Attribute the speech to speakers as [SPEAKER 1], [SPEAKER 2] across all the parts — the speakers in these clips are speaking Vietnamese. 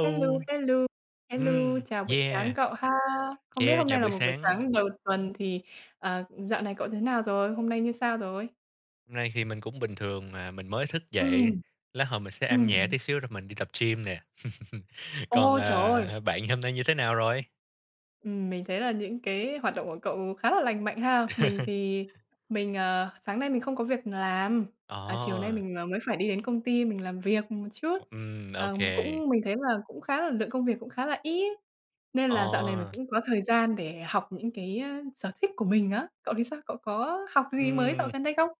[SPEAKER 1] Hello, hello, hello,
[SPEAKER 2] Ừm.
[SPEAKER 1] chào buổi sáng
[SPEAKER 2] Yeah!
[SPEAKER 1] cậu ha! Không biết
[SPEAKER 2] Yeah!
[SPEAKER 1] hôm
[SPEAKER 2] Chào
[SPEAKER 1] nay là
[SPEAKER 2] buổi
[SPEAKER 1] một buổi
[SPEAKER 2] sáng.
[SPEAKER 1] sáng đầu tuần thì, ờ, dạo này cậu thế nào rồi, hôm nay như sao rồi?
[SPEAKER 2] Nay thì mình cũng bình thường à, mình mới thức dậy.
[SPEAKER 1] Ừm.
[SPEAKER 2] Lát hồi mình sẽ ăn nhẹ
[SPEAKER 1] Ừm.
[SPEAKER 2] tí xíu rồi mình đi tập gym nè. Còn,
[SPEAKER 1] Ôi, trời ơi!
[SPEAKER 2] ờ, bạn hôm nay như thế nào rồi?
[SPEAKER 1] Ừm. Mình thấy là những cái hoạt động của cậu khá là lành mạnh ha! Mình thì mình, ờ sáng nay mình không có việc làm, à, chiều nay
[SPEAKER 2] Ờ.
[SPEAKER 1] mình, ờ, mới phải đi đến công ty mình làm việc một chút.
[SPEAKER 2] Ừm,
[SPEAKER 1] Ờm,
[SPEAKER 2] okay.
[SPEAKER 1] cũng mình thấy là cũng khá là lượng công việc cũng khá là ít, nên là dạo này mình
[SPEAKER 2] Ờ.
[SPEAKER 1] cũng có thời gian để học những cái, a, sở thích của mình á. Cậu thì sao? Cậu có học gì mới dạo
[SPEAKER 2] Ừm.
[SPEAKER 1] gần đây không?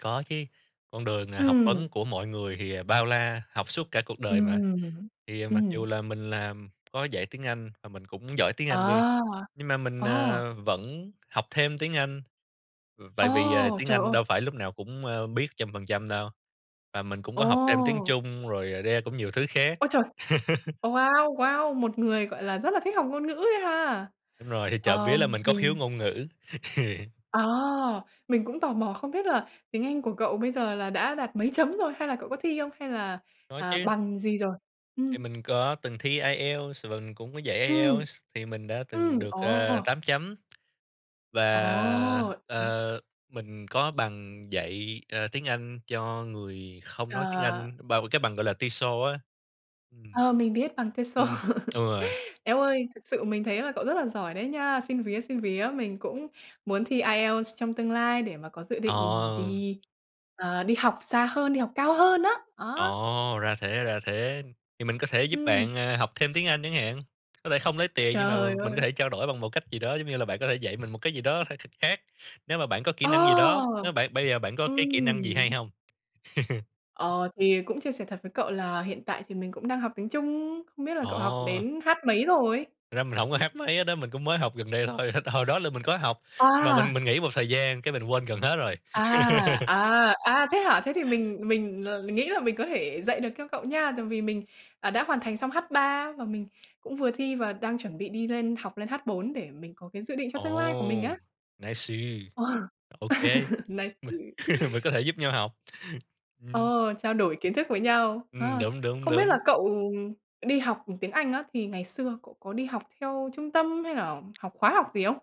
[SPEAKER 2] Có chứ, con đường, à, học
[SPEAKER 1] Ừm.
[SPEAKER 2] vấn của mọi người thì bao la, học suốt cả cuộc đời mà.
[SPEAKER 1] Ừm.
[SPEAKER 2] Thì mặc dù
[SPEAKER 1] Ừm.
[SPEAKER 2] là mình làm, có dạy tiếng Anh và mình cũng giỏi tiếng Anh đi,
[SPEAKER 1] À!
[SPEAKER 2] nhưng mà mình,
[SPEAKER 1] Ờ.
[SPEAKER 2] ờ, vẫn học thêm tiếng Anh. Ừ, tại vì, ờ,
[SPEAKER 1] Ồ,
[SPEAKER 2] tiếng
[SPEAKER 1] trời
[SPEAKER 2] Anh
[SPEAKER 1] ơi!
[SPEAKER 2] đâu phải lúc nào cũng, ơ, biết trăm phần trăm đâu. Và mình cũng có học thêm tiếng
[SPEAKER 1] Ồ!
[SPEAKER 2] Trung rồi, yeah, cũng nhiều thứ khác.
[SPEAKER 1] Ôi trời! Ờ, wow, wow! Một người, gọi là, rất là thích học ngôn ngữ ấy ha!
[SPEAKER 2] Đúng rồi, thì trộm vía là
[SPEAKER 1] Ờm,
[SPEAKER 2] mình có
[SPEAKER 1] mình
[SPEAKER 2] khiếu ngôn ngữ.
[SPEAKER 1] À. Mình cũng tò mò không biết là tiếng Anh của cậu bây giờ là đã đạt mấy chấm rồi, hay là cậu có thi không, hay là,
[SPEAKER 2] Có
[SPEAKER 1] à,
[SPEAKER 2] chứ.
[SPEAKER 1] bằng gì rồi?
[SPEAKER 2] Thì
[SPEAKER 1] Ừm.
[SPEAKER 2] mình có từng thi IELTS và mình cũng có dạy
[SPEAKER 1] Ừm.
[SPEAKER 2] IELTS thì mình đã từng
[SPEAKER 1] Ừm,
[SPEAKER 2] được, ờ,
[SPEAKER 1] ồ!
[SPEAKER 2] 8 chấm. Và,
[SPEAKER 1] Ồ! Ừm.
[SPEAKER 2] ờ, mình có bằng dạy, ờ, tiếng Anh cho người không nói tiếng
[SPEAKER 1] Ờ.
[SPEAKER 2] Anh, bà cái bằng gọi là TESOL á. Ừm.
[SPEAKER 1] Ờ, mình biết bằng TESOL.
[SPEAKER 2] Ừm. Ừ.
[SPEAKER 1] Eo ơi, thực sự mình thấy là cậu rất là giỏi đấy nha! Xin vía, xin vía, mình cũng muốn thi IELTS trong tương lai để mà có dự định
[SPEAKER 2] Ờ.
[SPEAKER 1] đi, ờ, đi học xa hơn, đi học cao hơn đó, đó.
[SPEAKER 2] Ờ. Ra thế, ra thế, thì mình có thể giúp
[SPEAKER 1] Ừm.
[SPEAKER 2] bạn, à, học thêm tiếng Anh chẳng hạn, có thể không lấy tiền nhưng mà
[SPEAKER 1] Trời
[SPEAKER 2] m mình có
[SPEAKER 1] ơi!
[SPEAKER 2] thể trao đổi bằng một cách gì đó, giống như là bạn có thể dạy mình một cái gì đó phải thật khác. Nếu mà bạn có kỹ năng gì đó,
[SPEAKER 1] Ờ!
[SPEAKER 2] nếu bạn bây giờ bạn có cái kỹ năng gì hay
[SPEAKER 1] Ừm.
[SPEAKER 2] hông?
[SPEAKER 1] Ờ, thì cũng chia sẻ thật với cậu là hiện tại thì mình cũng đang học tiếng Trung, không biết là cậu học
[SPEAKER 2] Ờ.
[SPEAKER 1] đến H mấy rồi?
[SPEAKER 2] Thật ra mình hổng có H mấy hết á, mình cũng mới học gần đây thôi. H hồi đó là mình có học, nhưng mà
[SPEAKER 1] À!
[SPEAKER 2] mình mình nghỉ một thời gian, cái mình quên gần hết rồi.
[SPEAKER 1] À, à, à, thế hả? Thế thì mình mình, ờ, nghĩ là mình có thể dạy được cho cậu nha. Tại vì mình, à, đã hoàn thành xong H3 và mình cũng vừa thi và đang chuẩn bị đi lên học lên H4 để mình có cái dự định cho tương lai của mình
[SPEAKER 2] Ồ!
[SPEAKER 1] á.
[SPEAKER 2] Nice.
[SPEAKER 1] Ờ.
[SPEAKER 2] Ô kê.
[SPEAKER 1] Nice!
[SPEAKER 2] Mình mình có thể giúp nhau học.
[SPEAKER 1] Ờ,
[SPEAKER 2] Ừm.
[SPEAKER 1] trao đổi kiến thức với nhau.
[SPEAKER 2] Ừm,
[SPEAKER 1] Ờ,
[SPEAKER 2] đúng, đúng,
[SPEAKER 1] không biết là
[SPEAKER 2] đúng.
[SPEAKER 1] cậu đi học tiếng Anh á, thì ngày xưa cậu có đi học theo trung tâm hay là học khóa học gì không?